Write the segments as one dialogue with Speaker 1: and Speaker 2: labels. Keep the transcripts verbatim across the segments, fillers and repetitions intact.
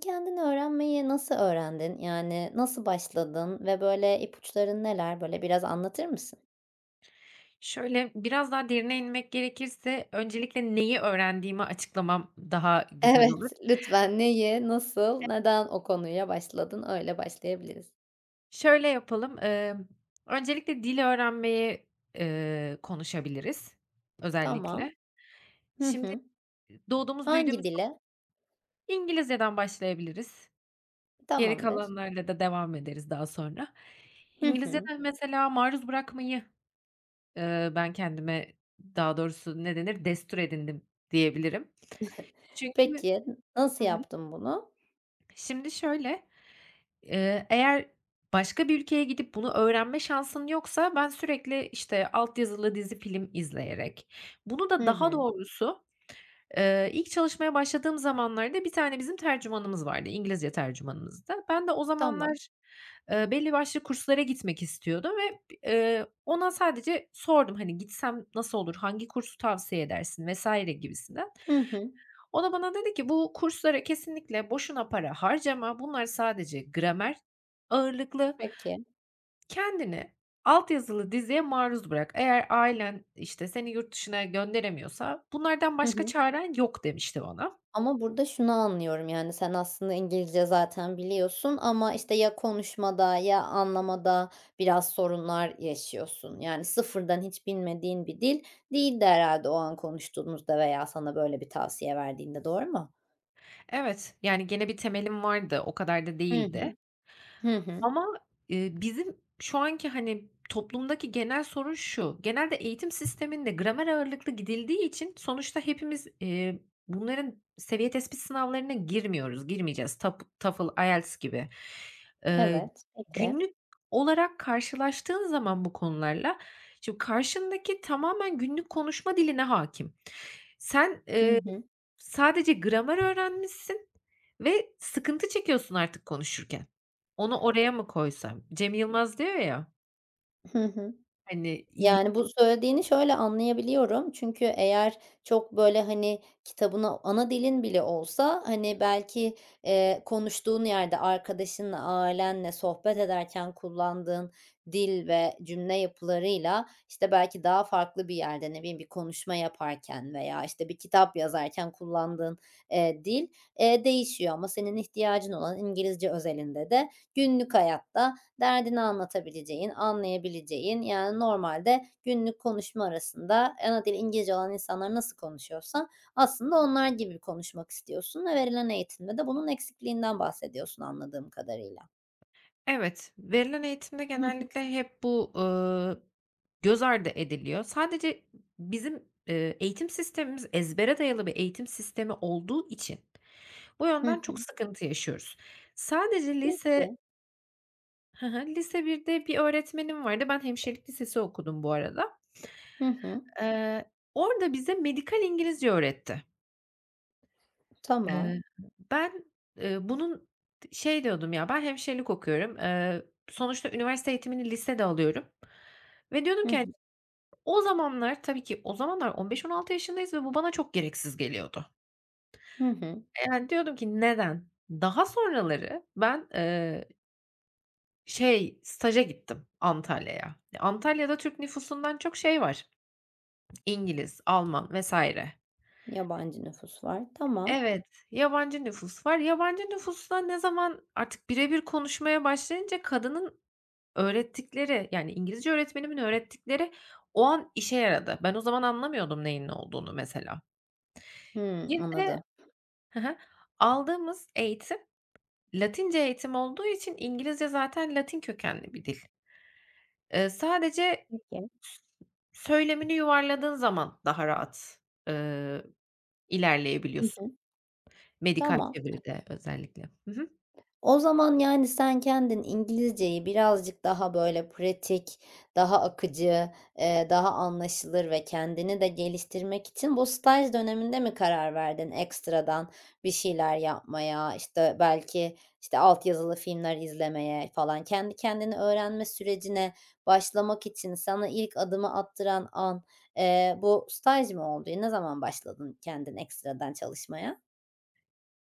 Speaker 1: Kendin öğrenmeyi nasıl öğrendin, yani, nasıl başladın ve böyle ipuçların neler? Böyle biraz anlatır mısın?
Speaker 2: Şöyle, biraz daha derine inmek gerekirse öncelikle neyi öğrendiğimi açıklamam daha güzel olur.
Speaker 1: Evet, lütfen. Neyi, nasıl,
Speaker 2: Evet.
Speaker 1: neden o konuya başladın, öyle başlayabiliriz.
Speaker 2: Şöyle yapalım, emm, öncelikle dili öğrenmeyi, ııı, konuşabiliriz
Speaker 1: Tamam.
Speaker 2: özellikle.
Speaker 1: Hı
Speaker 2: Şimdi
Speaker 1: hı.
Speaker 2: doğduğumuz,
Speaker 1: Hangi
Speaker 2: büyüdüğümüz
Speaker 1: dile?
Speaker 2: İngilizceden başlayabiliriz. Geri
Speaker 1: Tamamdır.
Speaker 2: kalanlarla da devam ederiz daha sonra.
Speaker 1: Hı hı.
Speaker 2: İngilizcede mesela maruz bırakmayı, ııı, ben kendime, daha doğrusu ne denir, destur edindim diyebilirim. Çünkü
Speaker 1: Peki, n nasıl
Speaker 2: Hı hı.
Speaker 1: yaptın bunu?
Speaker 2: Şimdi şöyle, eee, eğer başka bir ülkeye gidip bunu öğrenme şansın yoksa ben sürekli, işte, alt yazılı dizi, film izleyerek bunu da
Speaker 1: Hı
Speaker 2: daha
Speaker 1: hı.
Speaker 2: doğrusu, eee, ilk çalışmaya başladığım zamanlarda bir tane bizim tercümanımız vardı, İngilizce tercümanımızdı. Ben de o
Speaker 1: Tamam.
Speaker 2: zamanlar, eee, belli başlı kurslara gitmek istiyordum ve, eee, ona sadece sordum, hani, gitsem nasıl olur, hangi kursu tavsiye edersin vs. gibisinden.
Speaker 1: Hı hı.
Speaker 2: O da bana dedi ki: "Bu kurslara kesinlikle boşuna para harcama, bunlar sadece gramer ağırlıklı,
Speaker 1: Peki.
Speaker 2: kendini alt yazılı diziye maruz bırak. Eğer ailen, işte, seni yurt dışına gönderemiyorsa bunlardan
Speaker 1: Hı
Speaker 2: başka
Speaker 1: hı.
Speaker 2: çaren yok." demişti bana.
Speaker 1: Ama burada şunu anlıyorum, yani, sen aslında İngilizce zaten biliyorsun ama, işte, ya konuşmada ya anlamada biraz sorunlar yaşıyorsun, yani, sıfırdan hiç bilmediğin bir dil değildi herhâlde o an konuştuğunuzda veya sana böyle bir tavsiye verdiğinde. Doğru mu?
Speaker 2: Evet, yani, gene bir temelim vardı, o kadar da
Speaker 1: Hı
Speaker 2: değildi.
Speaker 1: hı. Hı hı.
Speaker 2: Ama, eee, bizim şu anki, hani, toplumdaki genel sorun şu: Genelde eğitim sisteminde gramer ağırlıklı gidildiği için sonuçta hepimiz, iii, bunların seviye tespit sınavlarına girmiyoruz, girmeyeceğiz, Tap, Toefl, IELTS gibi. Eee,
Speaker 1: Evet, peki.
Speaker 2: günlük olarak karşılaştığın zaman bu konularla, şimdi o karşındaki tamamen günlük konuşma diline hâkim. Sen,
Speaker 1: Hı
Speaker 2: eee,
Speaker 1: hı.
Speaker 2: sadece gramer öğrenmişsin ve sıkıntı çekiyorsun artık konuşurken. "Onu oraya mı koysam?" Cem Yılmaz diyor, ya.
Speaker 1: Hı hı.
Speaker 2: Hani, İngili
Speaker 1: Yani, bu söylediğini şöyle anlayabiliyorum. Çünkü eğer çok, böyle, hani, kitabını- ana dilin bile olsa- hani, belki, eee, konuştuğun yerde, arkadaşınla, ailenle sohbet ederken kullandığın dil ve cümle yapılarıyla, işte, belki daha farklı bir yerde, ne bileyim bir konuşma yaparken veya, işte, bir kitap yazarken kullandığın, eee, dil, eee, değişiyor. Ama senin ihtiyacın olan İngilizce özelinde de günlük hayatta derdini anlatabileceğin, anlayabileceğin... Yani normalde günlük konuşma arasında ana dili İngilizce olan insanlar nasıl konuşuyorsa aslında onlar gibi konuşmak istiyorsun ve verilen eğitimde de bunun eksikliğinden bahsediyorsun anladığım kadarıyla.
Speaker 2: Evet, verilen eğitimde
Speaker 1: Hı hı.
Speaker 2: genellikle hep bu, ııı, göz ardı ediliyor. Sadece bizim, eee, eğitim sistemimiz ezbere dayalı bir eğitim sistemi olduğu için, bu
Speaker 1: Hı
Speaker 2: yönden çok
Speaker 1: hı.
Speaker 2: sıkıntı yaşıyoruz. Sadece lise
Speaker 1: Peki.
Speaker 2: Hı hı. Lise birde bir öğretmenim vardı. Ben hemşirelik lisesi okudum bu arada.
Speaker 1: Hı hı.
Speaker 2: Eee, orada bize medikal İngilizce öğretti. Eee,
Speaker 1: Tamam.
Speaker 2: ben, eee, bunun t şey diyordum, ya ben hemşirelik okuyorum. Eee, sonuçta üniversite eğitimini lisede alıyorum ve diyordum
Speaker 1: Hı
Speaker 2: ki hani,
Speaker 1: hı.
Speaker 2: o zamanlar tabii ki o zamanlar on beş on altı yaşındayız ve bu bana çok gereksiz geliyordu.
Speaker 1: Hı hı.
Speaker 2: Eee, yani, diyordum ki "Neden?" Daha sonraları ben eee Şey, staja gittim Antalya'ya. E, Antalya'da Türk nüfusundan çok şey var; İngiliz, Alman vs.
Speaker 1: Yabancı nüfus var, tamam.
Speaker 2: Evet, yabancı nüfus var. Yabancı nüfusla ne zaman artık bire bir konuşmaya başlayınca kadının öğrettikleri, yani İngilizce öğretmenimin öğrettikleri o an işe yaradı. Ben o zaman anlamıyordum neyin ne olduğunu mesela.
Speaker 1: Hıı,
Speaker 2: Bir de
Speaker 1: anladım.
Speaker 2: Hı hı, aldığımız eğitim Latince eğitim olduğu için İngilizce zaten Latin kökenli bir dil. Eee, sadece
Speaker 1: Peki.
Speaker 2: s söylemini yuvarladığın zaman daha rahat, ııı,
Speaker 1: Hı
Speaker 2: ilerleyebiliyorsun
Speaker 1: hı.
Speaker 2: medikal
Speaker 1: Tamam.
Speaker 2: çeviride özellikle. Hı hı.
Speaker 1: O zaman, yani, sen kendin İngilizceyi birazcık daha, böyle, pratik, daha akıcı, eee, daha anlaşılır ve kendini de geliştirmek için bu staj döneminde mi karar verdin ekstradan bir şeyler yapmaya? İşte, belki, işte, alt yazılı filmler izlemeye falan. Kendi kendine öğrenme sürecine başlamak için sana ilk adımı attıran an, eee, bu staj mı oldu? Ne zaman başladın kendin ekstradan çalışmaya?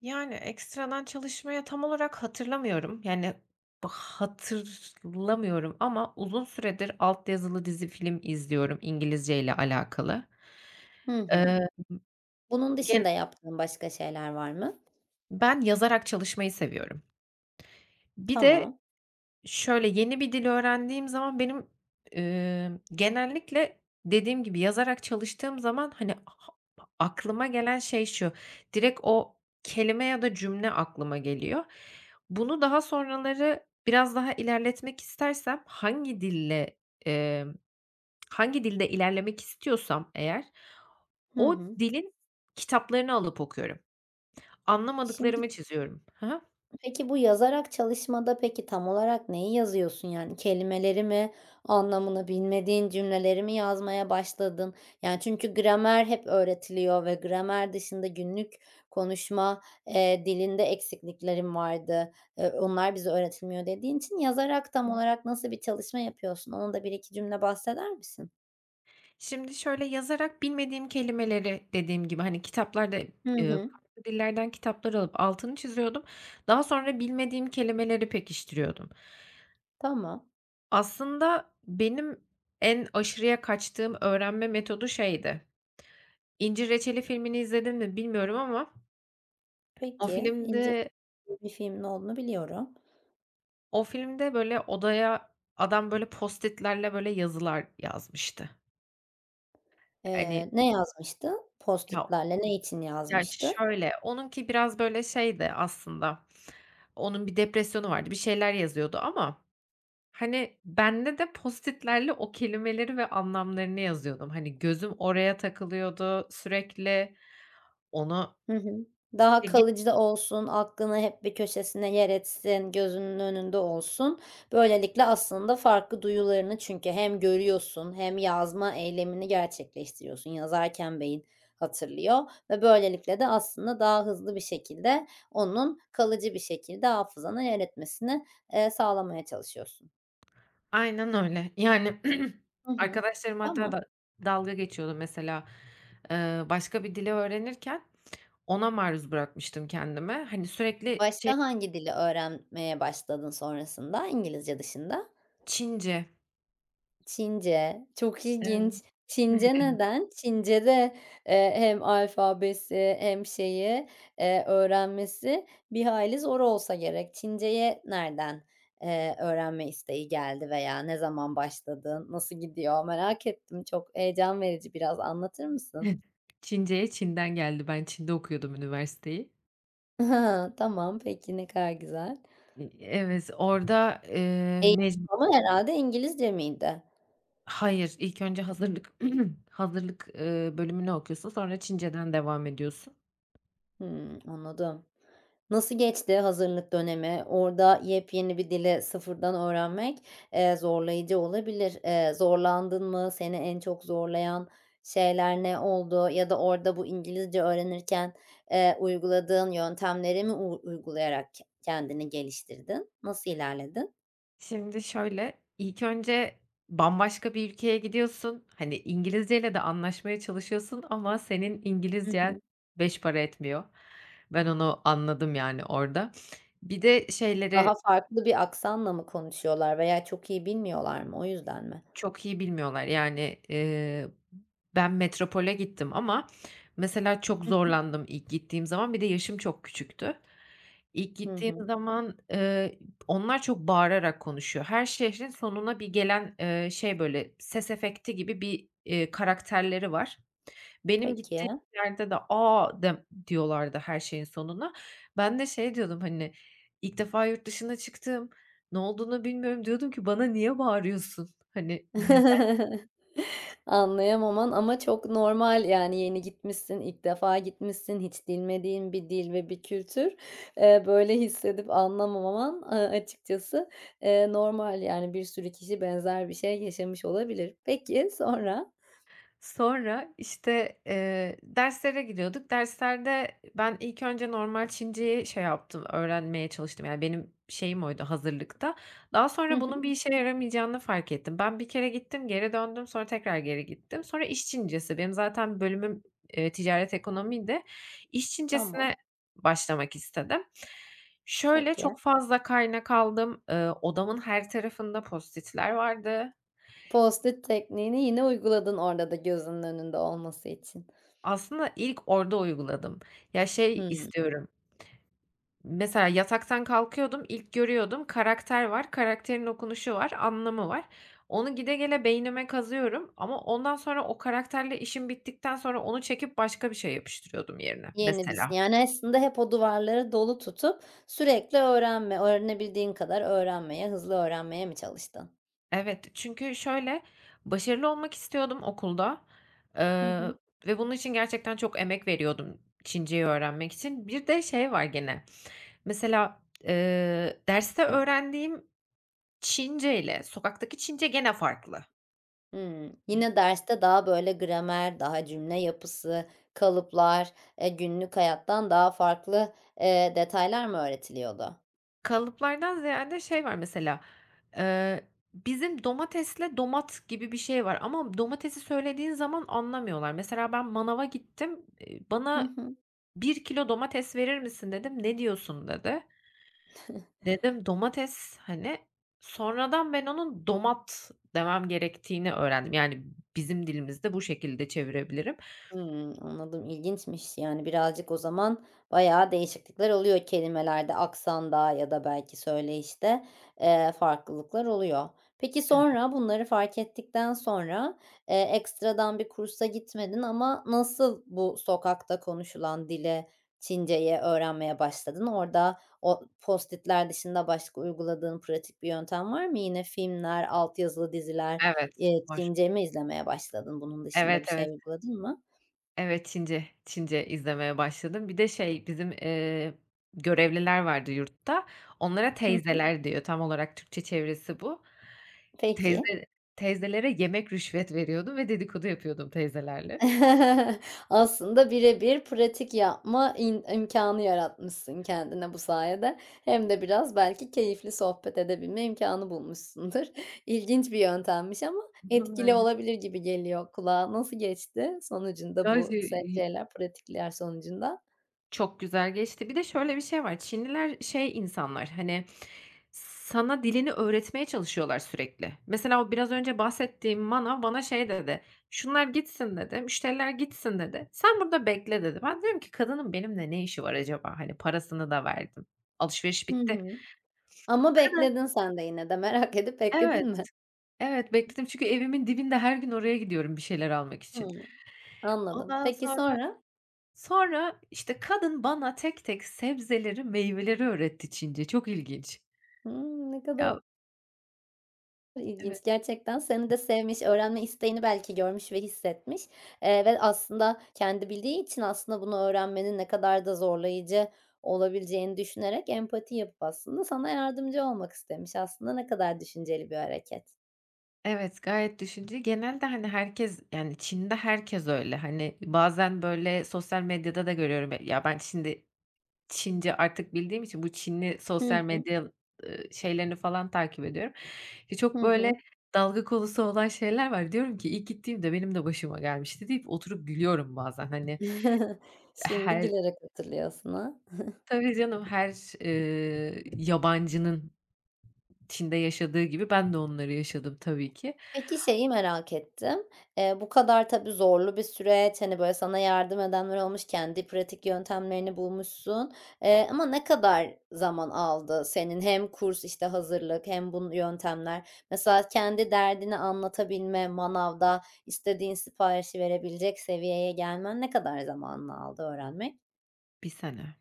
Speaker 2: Yani, ekstradan çalışmayı tam olarak hatırlamıyorum, yani, bı hatırlamıyorum ama uzun süredir alt yazılı dizi, film izliyorum İngilizceyle alakalı.
Speaker 1: Hı hı.
Speaker 2: Emm,
Speaker 1: Bunun
Speaker 2: gen
Speaker 1: dışında yaptığın başka şeyler var mı?
Speaker 2: Ben yazarak çalışmayı seviyorum. Bir de
Speaker 1: Tamam.
Speaker 2: şöyle, yeni bir dil öğrendiğim zaman benim, ımm, genellikle dediğim gibi yazarak çalıştığım zaman, hani, aklıma gelen şey şu: Direkt o kelime ya da cümle aklıma geliyor. Bunu daha sonraları biraz daha ilerletmek istersem hangi dille, emm, hangi dilde ilerlemek istiyorsam eğer
Speaker 1: Hı
Speaker 2: o
Speaker 1: hı.
Speaker 2: dilin kitaplarını alıp okuyorum.
Speaker 1: Şimdi
Speaker 2: Anlamadıklarımı çiziyorum Ha ha.
Speaker 1: Peki, bu yazarak çalışmada, peki, tam olarak neyi yazıyorsun, yani, kelimeleri mi, anlamını bilmediğin cümleleri mi yazmaya başladın? Yani, çünkü gramer hep öğretiliyor ve gramer dışında günlük konuşma, eee, dilinde eksikliklerin vardı. Eee, onlar bize öğretilmiyor dediğin için yazarak tam olarak nasıl bir çalışma yapıyorsun? Onu da bir iki cümle bahseder misin?
Speaker 2: Şimdi, şöyle, yazarak bilmediğim kelimeleri dediğim gibi, hani, kitaplarda
Speaker 1: Hı
Speaker 2: ııı,
Speaker 1: hı.
Speaker 2: farklı dillerden kitaplar alıp altını çiziyordum. Daha sonra bilmediğim kelimeleri pekiştiriyordum.
Speaker 1: Tamam.
Speaker 2: Aslında benim en aşırıya kaçtığım öğrenme metodu şeydi, "İncir Reçeli" filmini izledin mi bilmiyorum ama o
Speaker 1: Peki, İncir
Speaker 2: filmde
Speaker 1: [unintelligible] bir filmin olduğunu biliyorum.
Speaker 2: o filmde, böyle, odaya adam, böyle, Post-it'lerle, böyle, yazılar yazmıştı. Hani
Speaker 1: Eee, ne yazmıştı
Speaker 2: Ya,
Speaker 1: Post-it'lerle, ne için
Speaker 2: gerçi
Speaker 1: yazmıştı?
Speaker 2: şöyle: Onunki biraz, böyle, şeydi aslında; onun bir depresyonu vardı, bir şeyler yazıyordu ama, hani, bende de Post-it'lerle o kelimeleri ve anlamlarını yazıyordum. Hani, gözüm oraya takılıyordu sürekli, ona
Speaker 1: Hı hı. Daha
Speaker 2: [unintelligible]
Speaker 1: kalıcı da olsun, aklını hep bir köşesine yer etsin, gözünün önünde olsun. Böylelikle aslında farklı duyularını çünkü hem görüyorsun hem yazma eylemini gerçekleştiriyorsun. Yazarken beyin hatırlıyor ve böylelikle de aslında daha hızlı bir şekilde onun kalıcı bir şekilde hafızana yer etmesini, eee, sağlamaya çalışıyorsun.
Speaker 2: Aynen öyle. Yani,
Speaker 1: Hı hı.
Speaker 2: arkadaşlarım hatta
Speaker 1: Tamam.
Speaker 2: da dalga geçiyordu mesela, ııı, başka bir dili öğrenirken ona maruz bırakmıştım kendimi. Hani, sürekli şey
Speaker 1: Başka hangi dili öğrenmeye başladın sonrasında İngilizce dışında?
Speaker 2: Çince.
Speaker 1: Çince, çok
Speaker 2: Evet.
Speaker 1: ilginç.
Speaker 2: Hı hı,
Speaker 1: Çince
Speaker 2: evet.
Speaker 1: neden? Çincede, eee, hem alfabesi hem şeyi, eee, öğrenmesi bir hayli zor olsa gerek. Çinceye nereden, eee, öğrenme isteği geldi veya ne zaman başladı, nasıl gidiyor merak ettim. Çok heyecan verici, biraz anlatır mısın?
Speaker 2: [unintelligible] Çince'ye Çin'den geldi. Ben Çin'de okuyordum üniversiteyi.
Speaker 1: Tamam. Peki. Ne kadar güzel.
Speaker 2: E evet, orada, eee,
Speaker 1: Eğitim
Speaker 2: mec
Speaker 1: falan herhâlde İngilizce miydi?
Speaker 2: Hayır, ilk önce hazırlık hazırlık, ııı, bölümünü okuyorsun, sonra Çinceden devam ediyorsun.
Speaker 1: Hımm, anladım. Nasıl geçti hazırlık dönemi? Orada yepyeni bir dili sıfırdan öğrenmek, eee, zorlayıcı olabilir. Eee, zorlandın mı? Seni en çok zorlayan şeyler ne oldu ya da orada bu İngilizce öğrenirken, eee, uyguladığın yöntemleri mi uy uygulayarak ke kendini geliştirdin? Nasıl ilerledin?
Speaker 2: Şimdi şöyle, ilk önce bambaşka bir ülkeye gidiyorsun, hani, İngilizceyle de anlaşmaya çalışıyorsun ama senin
Speaker 1: Hı
Speaker 2: İngilizcen
Speaker 1: hı.
Speaker 2: beş para etmiyor. Ben onu anladım, yani, orada. Bir de şeyleri
Speaker 1: Daha farklı bir aksanla mı konuşuyorlar veya çok iyi bilmiyorlar mı o yüzden mi?
Speaker 2: Çok iyi bilmiyorlar, yani, ııı, ben metropole gittim ama mesela çok
Speaker 1: Hı hı.
Speaker 2: zorlandım ilk gittiğim zaman. Bir de yaşım çok küçüktü. İlk
Speaker 1: Hı
Speaker 2: gittiğim
Speaker 1: hı.
Speaker 2: zaman, ııı, onlar çok bağırarak konuşuyor. Her şehrin sonuna bir gelen, eee, şey böyle ses efekti gibi, eee, bir karakterleri var. Benim gittiğim
Speaker 1: Peki.
Speaker 2: yerde de "A!" dem diyorlardı her şeyin sonuna. Ben de şey diyordum, hani, ilk defa yurt dışına çıktım, ne olduğunu bilmiyorum. Diyordum ki: "Bana niye bağırıyorsun?" Hani, neden?
Speaker 1: Anlayamaman ama çok normal, yani, yeni gitmişsin, ilk defa gitmişsin, hiç dilmediğin bir dil ve bir kültür. Eee, böyle hissedip anlamaman, eee, açıkçası, eee, normal, yani, bir sürü kişi benzer bir şey yaşamış olabilir. Peki, sonra.
Speaker 2: Sonra, işte, eee, derslere gidiyorduk. Derslerde ben ilk önce normal Çinceyi şey yaptım, öğrenmeye çalıştım. Yani, benim şeyim oydu hazırlıkta. Daha
Speaker 1: Hı
Speaker 2: sonra
Speaker 1: hı.
Speaker 2: bunun bir işe yaramayacağını fark ettim. Ben bir kere gittim, geri döndüm. Sonra tekrar geri gittim. Sonra iş Çincesi, benim zaten bölümüm, eee, ticaret ekonomiydi. İş Çincesine
Speaker 1: Tamam.
Speaker 2: başlamak istedim. Şöyle,
Speaker 1: Peki.
Speaker 2: çok fazla kaynak aldım. Eee, odamın her tarafında Post-it'ler vardı.
Speaker 1: Post-it tekniğini yine uyguladın orada da gözünün önünde olması için.
Speaker 2: Aslında ilk orada uyguladım, ya, şey
Speaker 1: Hımm.
Speaker 2: istiyorum ...mesela yataktan kalkıyordum, ilk görüyordum, karakter var, karakterin okunuşu var, anlamı var. Onu gide gele beynime kazıyorum ama ondan sonra o karakterle işim bittikten sonra onu çekip başka bir şey yapıştırıyordum yerine
Speaker 1: [unintelligible]
Speaker 2: mesela.
Speaker 1: Yani, aslında hep o duvarları dolu tutup sürekli öğrenme, öğrenebildiğin kadar öğrenmeye, hızlı öğrenmeye mi çalıştın?
Speaker 2: Evet, çünkü şöyle, başarılı olmak istiyordum okulda,
Speaker 1: Hı
Speaker 2: eee,
Speaker 1: hı.
Speaker 2: ve bunun için gerçekten çok emek veriyordum, Çinceyi öğrenmek için. Bir de şey var gene, mesela, eee, derste öğrendiğim Çince ile sokaktaki Çince gene farklı.
Speaker 1: Hımm. Yine derste daha böyle gramer, daha cümle yapısı, kalıplar, eee, günlük hayattan daha farklı, eee, detaylar mı öğretiliyordu?
Speaker 2: Kalıplardan ziyade şey var mesela, eee, bizim domatesle domat gibi bir şey var ama domatesi söylediğin zaman anlamıyorlar. Mesela ben manava gittim, iii,
Speaker 1: Hı
Speaker 2: "Bana
Speaker 1: hı.
Speaker 2: bir kilo domates verir misin?" dedim, "Ne diyorsun?" dedi. Dedim: "Domates." Hani, sonradan ben onun domat demem gerektiğini öğrendim, yani, bizim dilimizde bu şekilde çevirebilirim.
Speaker 1: Hımm, anladım, ilginçmiş, yani, birazcık o zaman bayağı değişiklikler oluyor kelimelerde, aksanda ya da belki söyleyişte, eee, farklılıklar oluyor. Peki,
Speaker 2: Evet.
Speaker 1: sonra bunları fark ettikten sonra, eee, ekstradan bir kursa gitmedin ama nasıl bu sokakta konuşulan dili, Çinceyi öğrenmeye başladın? Orada o post-it'ler dışında başka uyguladığın pratik bir yöntem var mı? Yine filmler, alt yazılı diziler,
Speaker 2: Evet
Speaker 1: eee,
Speaker 2: var.
Speaker 1: Çince mi izlemeye başladın? Bunun dışında
Speaker 2: Evet,
Speaker 1: bir
Speaker 2: evet.
Speaker 1: şey uyguladın mı?
Speaker 2: Evet, Çince, Çince izlemeye başladım. Bir de şey bizim, eee, görevliler vardı yurtta. Onlara
Speaker 1: Hı hı.
Speaker 2: teyzeler diyor tam olarak Türkçe çevirisi bu. Teyze
Speaker 1: Peki.
Speaker 2: teyzelere yemek rüşvet veriyordum ve dedikodu yapıyordum teyzelerle.
Speaker 1: Aslında bire bir pratik yapma im imkânı yaratmışsın kendine bu sayede hem de biraz belki keyifli sohbet edebilme imkânı bulmuşsundur. İlginç bir yöntemmiş ama
Speaker 2: [unintelligible]
Speaker 1: etkili
Speaker 2: Aynen.
Speaker 1: olabilir gibi geliyor kulağa, nasıl geçti sonucunda bu se
Speaker 2: [unintelligible]
Speaker 1: şeyler pratikler sonucunda?
Speaker 2: Çok güzel geçti. Bir de şöyle bir şey var. Çinliler şey insanlar, hani, sana dilini öğretmeye çalışıyorlar sürekli. Mesela o biraz önce bahsettiğim manav bana şey dedi: "Şunlar gitsin," dedi, "müşteriler gitsin," dedi. "Sen burada bekle," dedi. Ben diyorum ki: "Kadının benimle ne işi var acaba?" Hani, parasını da verdim. Alışveriş
Speaker 1: Hı
Speaker 2: bitti.
Speaker 1: hı. Ama
Speaker 2: Kadın
Speaker 1: bekledin sen de yine de. Merak edip
Speaker 2: Evet.
Speaker 1: bekledin mi?
Speaker 2: Evet, bekledim çünkü evimin dibinde her gün oraya gidiyorum bir şeyler almak için.
Speaker 1: Hımm. Anladım.
Speaker 2: Ondan
Speaker 1: Peki
Speaker 2: sonra,
Speaker 1: sonra?
Speaker 2: sonra, işte, kadın bana tek tek sebzeleri, meyveleri öğretti Çince. Çok ilginç.
Speaker 1: Hımm, ne kadar
Speaker 2: Ya Evet.
Speaker 1: ilginç gerçekten seni de sevmiş, öğrenme isteğini belki görmüş ve hissetmiş, eee, ve aslında kendi bildiği için aslında bunu öğrenmenin ne kadar da zorlayıcı olabileceğini düşünerek empati yapıp, aslında, sana yardımcı olmak istemiş. Aslında, ne kadar düşünceli bir hareket.
Speaker 2: Evet, gayet düşünceli, genelde, hani, herkes, yani, Çin'de herkes öyle. Hani, bazen böyle sosyal medyada da görüyorum. E, ya, ben Çinde Çince artık bildiğim için bu Çinli
Speaker 1: Hı
Speaker 2: sosyal
Speaker 1: hı.
Speaker 2: medya, ııı, şeylerini falan takip ediyorum. Ya,
Speaker 1: Hı
Speaker 2: çok böyle
Speaker 1: hı.
Speaker 2: dalga konusu olan şeyler var. Diyorum ki: "İlk gittiğimde benim de başıma gelmişti." deyip oturup gülüyorum bazen, hani.
Speaker 1: Şimdi
Speaker 2: Her
Speaker 1: gülerek hatırlıyorsun, ha?
Speaker 2: Tabii canım her, ııı, yabancının Çin'de yaşadığı gibi ben de onları yaşadım tabii ki.
Speaker 1: Peki, şeyi merak ettim. Eee, bu kadar tabii zorlu bir süreç. Hani, böyle sana yardım edenler olmuş, kendi pratik yöntemlerini bulmuşsun. Eee, ama ne kadar zaman aldı senin, hem kurs, işte, hazırlık hem bun yöntemler? Mesela kendi derdini anlatabilme, manavda istediğin siparişi verebilecek seviyeye gelmen ne kadar zamanını aldı öğrenmek?
Speaker 2: bir sene.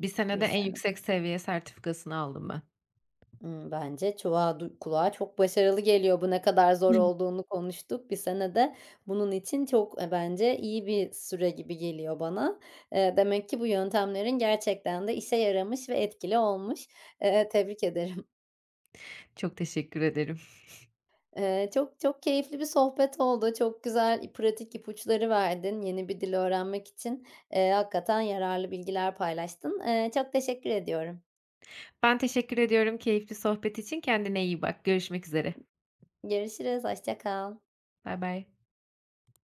Speaker 2: bir senede
Speaker 1: Bir
Speaker 2: en
Speaker 1: sene.
Speaker 2: yüksek seviye sertifikasını aldım ben.
Speaker 1: Imm, bence çuvağa du kulağa çok başarılı geliyor, bu ne kadar zor
Speaker 2: [unintelligible]
Speaker 1: olduğunu konuştuk. bir sene de bunun için çok, eee, bence iyi bir süre gibi geliyor bana. Eee, demek ki bu yöntemlerin gerçekten de işe yaramış ve etkili olmuş. E eee, tebrik ederim.
Speaker 2: Çok teşekkür ederim.
Speaker 1: Eee, çok, çok keyifli bir sohbet oldu. Çok güzel i pratik ipuçları verdin yeni bir dil öğrenmek için. Eee, hakikaten yararlı bilgiler paylaştın. Eee, çok teşekkür ediyorum.
Speaker 2: Ben teşekkür ediyorum keyifli sohbet için, kendine iyi bak. Görüşmek üzere.
Speaker 1: Görüşürüz, hoşça kal.
Speaker 2: Baybay.